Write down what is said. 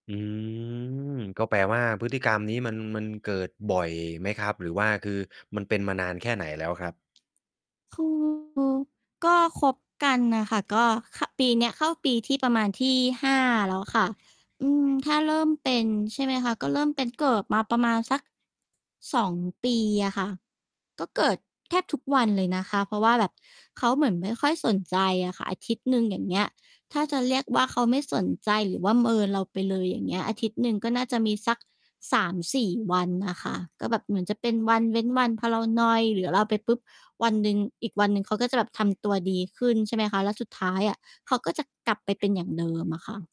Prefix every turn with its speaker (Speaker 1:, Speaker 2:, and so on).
Speaker 1: อืม ก็แปลว่า พฤติกรรมนี้มัน มันเกิดบ่อยไหมครับ หรือว่า คือมันเป็นมานานแค่ไหนแล้วครับ?
Speaker 2: คือ ก็คบกันน่ะค่ะ ก็ ข ปีเนี้ยเข้าปีที่ ประมาณที่ 5 แล้วค่ะ อืม ถ้าเริ่มเป็น ใช่ไหมคะ ก็เริ่มเป็น เกิดมาประมาณสัก 2 ปีอะค่ะ ก็เกิดแทบทุกวันเลยนะคะ เพราะว่าแบบเขาเหมือนไม่ค่อยสนใจอะค่ะ อาทิตย์หนึ่ง อย่างเงี้ย ถ้าจะเรียกว่า เขาไม่สนใจหรือว่าเมินเราไปเลย อย่างเงี้ย อาทิตย์หนึ่งก็น่าจะมีสัก 3-4 วันน่ะค่ะ ก็แบบเหมือนจะเป็นวันเว้นวัน พอเรานอยหรือ อะ เราไปปุ๊บ วันหนึ่ง อีกวันหนึ่งเขาก็จะแบบทำตัวดีขึ้น ใช่ไหมคะ แล้วสุดท้ายอะเขาก็จะกลับไปเป็นอย่างเดิมอะค่ะ